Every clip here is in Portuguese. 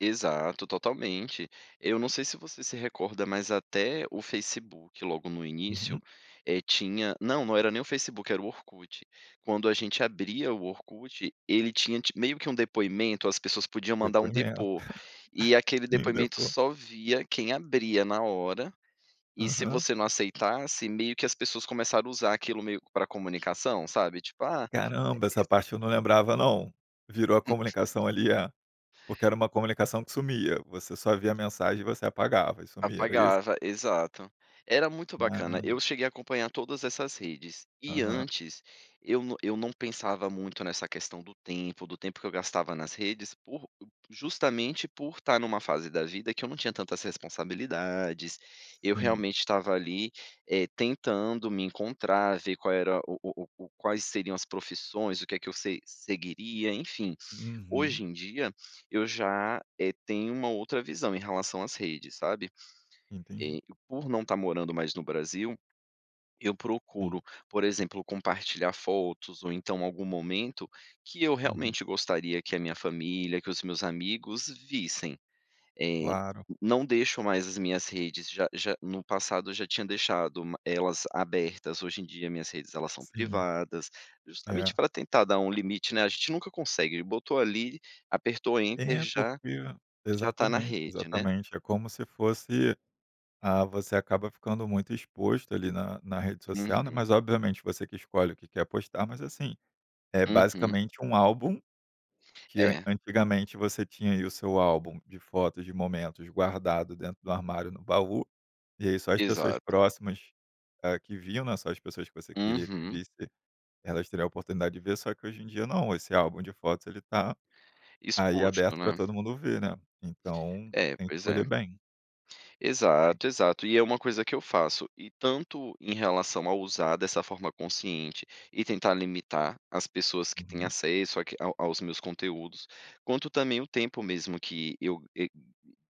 Exato, totalmente. Eu não sei se você se recorda, mas até o Facebook logo no início, Uhum. eh, tinha não, não era nem o Facebook era o Orkut. Quando a gente abria o Orkut, ele tinha ti meio que um depoimento, as pessoas podiam mandar um Depoimento. depo e aquele Sim, depoimento depo só via quem abria na hora, e se Aham. você não aceitasse, meio que as pessoas começaram a usar aquilo meio para comunicação, sabe? Tipo, ah Caramba, essa [unintelligible] parte eu não lembrava, não. Virou a comunicação ali, é? Porque era uma comunicação que sumia, você só via a mensagem e você apagava e sumia, era isso? Apagava, exato. Era muito bacana, Caramba. eu cheguei a acompanhar todas essas redes, e Aham. antes, eu não eu não pensava muito nessa questão do tempo, do tempo que eu gastava nas redes por justamente, por estar em uma fase da vida que eu não tinha tantas responsabilidades, eu Sim. realmente estava ali, eh, tentando me encontrar, ver qual era o o o, quais seriam as profissões, o que é que eu se seguiria, enfim. Hoje Uhum. em dia, eu já, eh, tenho uma outra visão em relação às redes, sabe. Entendi. E, por não estar morando mais no Brasil, eu Sim. procuro, por exemplo compartilhar fotos ou então algum momento que eu Uhum. realmente gostaria que a minha família, que os meus amigos vissem. Eh, Claro. não deixo mais as minhas redes já já no passado eu já tinha deixado elas abertas, hoje em dia minhas redes, elas são Sim. privadas, justamente É. para tentar dar um limite, né, gente nunca consegue, botou ali, apertou "enter", É, já porque já tá na exatamente, rede, né? exatamente, é como se fosse, ah, você acaba ficando muito exposto, ali na na rede social, né Uhum. mas obviamente você que escolhe o que quer postar, mas, assim, é Uhum. basicamente um álbum, que É. antigamente, você tinha aí o seu álbum de fotos, de momentos guardado dentro do armário no baú, e aí só as pessoas Exato. próximas, ah, que viam, né, só as pessoas que você queria que Uhum. visse, elas teriam a oportunidade de ver, só que hoje em dia não, esse álbum de fotos ele tá, aí Exposto, aberto para né? todo mundo ver, né. Então, É, tem que pois escolher é. bem. Tem Exato, exato, e é uma coisa que eu faço, e tanto, em relação a usar dessa forma consciente e tentar limitar as pessoas que têm Uhum. acesso aqui ao aos meus conteúdos, quanto também o tempo mesmo que eu eh,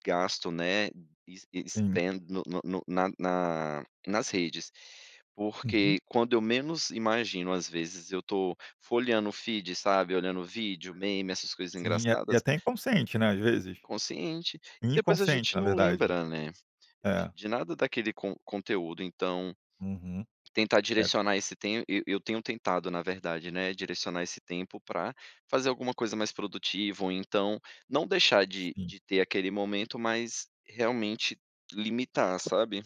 gasto, né, es esse Sim. tem no no no na na nas redes. Uhum. Porque, quando eu menos imagino, às vezes, eu estou folheando o feed, sabe. Olhando vídeo, meme, essas coisas Sim, e engraçadas a até inconsciente, né, às vezes? consciente e depois a Inconsciente, gente na não verdade. lembra, né, de É. de nada daquele con conteúdo, então Uhum. tentar É. direcionar esse tem e eu eu tenho tentado, na verdade, né, direcionar esse tempo pra fazer alguma coisa mais produtiva ou então, não deixar de Sim. de ter aquele momento, mas, realmente, limitar, sabe.